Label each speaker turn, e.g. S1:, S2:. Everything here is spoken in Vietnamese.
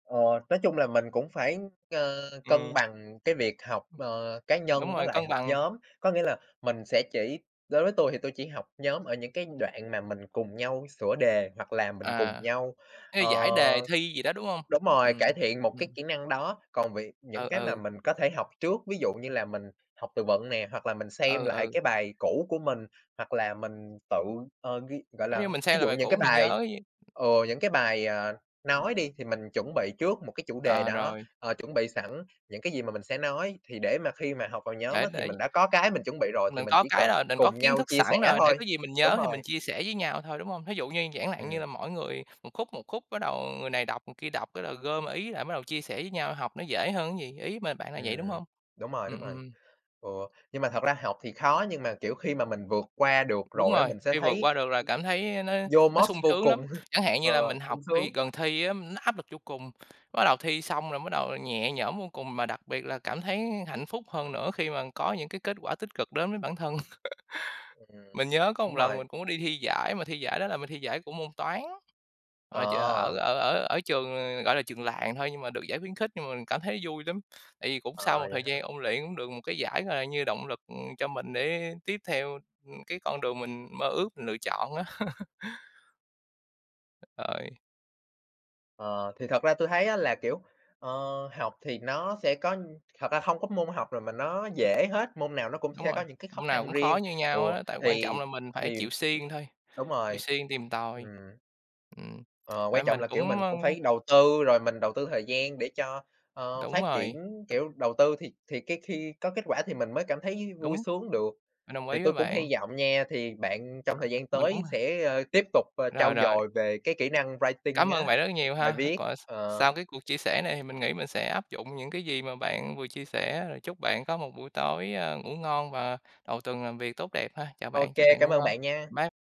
S1: Ờ, nói chung là mình cũng phải, ơ, cân
S2: Ừm.
S1: bằng cái việc học, ờ, cá
S2: Đúng
S1: nhân với
S2: rồi,
S1: lại
S2: cân
S1: học
S2: bằng.
S1: nhóm, có nghĩa là mình sẽ chỉ đối với tôi thì tôi chỉ học nhóm ở những cái đoạn mà mình cùng nhau sửa đề hoặc là mình cùng
S2: À.
S1: nhau, ờ
S2: Cái giải đề thi gì đó, đúng hông?
S1: đúng rồi, cải
S2: Ừm,
S1: thiện một
S2: ừm.
S1: cái kỹ năng đó. Còn việc những
S2: Ừ,
S1: cái mà
S2: ừ.
S1: mình có thể học trước ví dụ như là mình học từ vựng nè, hoặc là mình xem
S2: Ừ,
S1: lại
S2: ừ.
S1: cái bài cũ của mình, hoặc là mình tự, ờ, ghi gọi
S2: Giống như
S1: là,
S2: mình
S1: ví
S2: xem
S1: dụ
S2: lại bài
S1: những
S2: cũ
S1: cái
S2: mình
S1: bài
S2: nhớ chứ.
S1: ừ, những cái bài, ờ, nói
S2: [unintelligible]
S1: đi thì mình chuẩn bị trước một cái chủ đề
S2: Ờ,
S1: đó,
S2: rồi.
S1: ờ, chuẩn bị sẵn những cái gì mà mình sẽ nói thì để mà khi mà học vào nhóm
S2: Đấy,
S1: á thì
S2: đấy.
S1: mình đã có cái mình chuẩn bị rồi thì
S2: Mình
S1: mình
S2: có
S1: chỉ
S2: cái
S1: cần
S2: rồi mình có
S1: cùng
S2: kiến
S1: nhau
S2: thức
S1: chia sẻ
S2: sẵn rồi, để
S1: thôi,
S2: có gì mình
S1: đúng
S2: nhớ thì mình
S1: rồi.
S2: chia sẻ với nhau thôi, đúng hông? Thí dụ như giản nạn như
S1: Ừm.
S2: là mỗi người một khúc, một khúc bắt đầu người này đọc người kia đọc cái là gom ý lại mới đầu chia sẻ với nhau, học nó dễ hơn á gì? Ý mình b bạn là vậy, đúng
S1: Ừm,
S2: hông?
S1: đúng rồi, đúng
S2: Ừm,
S1: rồi.
S2: ừm.
S1: Ừ, nhưng mà thật ra học thì khó nhưng mà, kiểu, khi mà mình vượt qua được
S2: Đúng
S1: rồi á,
S2: rồi,
S1: mình sẽ
S2: khi vượt
S1: thấy
S2: qua được là cảm thấy nó nó
S1: Yomost
S2: sung
S1: vô
S2: sướng lắm.
S1: cùng,
S2: Chẳng hạn
S1: ờ,
S2: như là mình học
S1: sung sướng.
S2: khi gần thi á, nó áp lực vô cùng, bắt đầu thi xong rồi bắt đầu nhẹ nhõm vô cùng mà đặc biệt là cảm thấy hạnh phúc hơn nữa khi mà có những cái kết quả tích cực đến với bản thân.
S1: Ừm.
S2: Mình nhớ có một
S1: Đúng
S2: lần
S1: rồi.
S2: mình cũng có đi thi giải mà thi giải đó là mình thi giải của môn Toán, mà ch ở
S1: Ờ!
S2: ở ở ở trường, ờ, gọi là, trường làng thôi nhưng mà được giải khuyến khích nhưng mà cảm thấy vui lắm. Tại vì cũng sau
S1: Ờ,
S2: một
S1: vậy
S2: thời
S1: hả?
S2: gian ôn luyện cũng được một cái giải, gọi là, như động lực, ừm, cho mình để tiếp theo, ưm, cái con đường mình mơ ước, mình lựa chọn á. Rồi.
S1: Ờ, thì thật ra tôi thấy á là, kiểu, ờ, học thì nó sẽ có thật ra hông có môn học rồi mà nó dễ hết, môn nào nó cũng
S2: Đúng
S1: sẽ
S2: rồi,
S1: có những cái khó
S2: môn nào
S1: khăn
S2: cũng khó
S1: riêng,
S2: như
S1: ừ,
S2: nhau hết á, tại quan
S1: thì
S2: trọng là mình phải
S1: thì
S2: chịu siêng thôi,
S1: đúng
S2: chịu
S1: rồi,
S2: siêng tìm
S1: ừm.
S2: tòi. Ừm,
S1: Ờ,
S2: tại
S1: quan trọng
S2: mình
S1: là,
S2: cũng,
S1: kiểu, mình
S2: ơ
S1: cũng phải đầu tư, rồi mình đầu tư thời gian để cho, ơ,
S2: Đúng
S1: phát
S2: rồi.
S1: triển, kiểu, đầu tư thì thì cái khi có kết quả thì mình mới cảm thấy vui
S2: Đúng.
S1: sướng được.
S2: Mình đồng
S1: Thì
S2: ý
S1: tôi
S2: với
S1: cũng
S2: bạn.
S1: hi vọng nha thì bạn trong thời gian
S2: Mình cũng,
S1: tới
S2: ờ
S1: sẽ, ơ, tiếp tục
S2: Rồi,
S1: trau
S2: rồi.
S1: dồi về cái kỹ năng
S2: Cảm
S1: writing
S2: ơn
S1: á,
S2: bạn rất nhiều
S1: bài
S2: ha.
S1: viết,
S2: Còn s
S1: ờ.
S2: sau cái cuộc chia sẻ này thì mình nghĩ mình sẽ áp dụng những cái gì mà bạn vừa chia sẻ, rồi chúc bạn có một buổi tối, ơ, ngủ ngon và đầu tuần làm việc tốt đẹp ha. Chào
S1: Ô
S2: bạn, chúc
S1: kê,
S2: bạn
S1: cám
S2: ngủ
S1: ơn
S2: ngon.
S1: bạn nha.
S2: Bye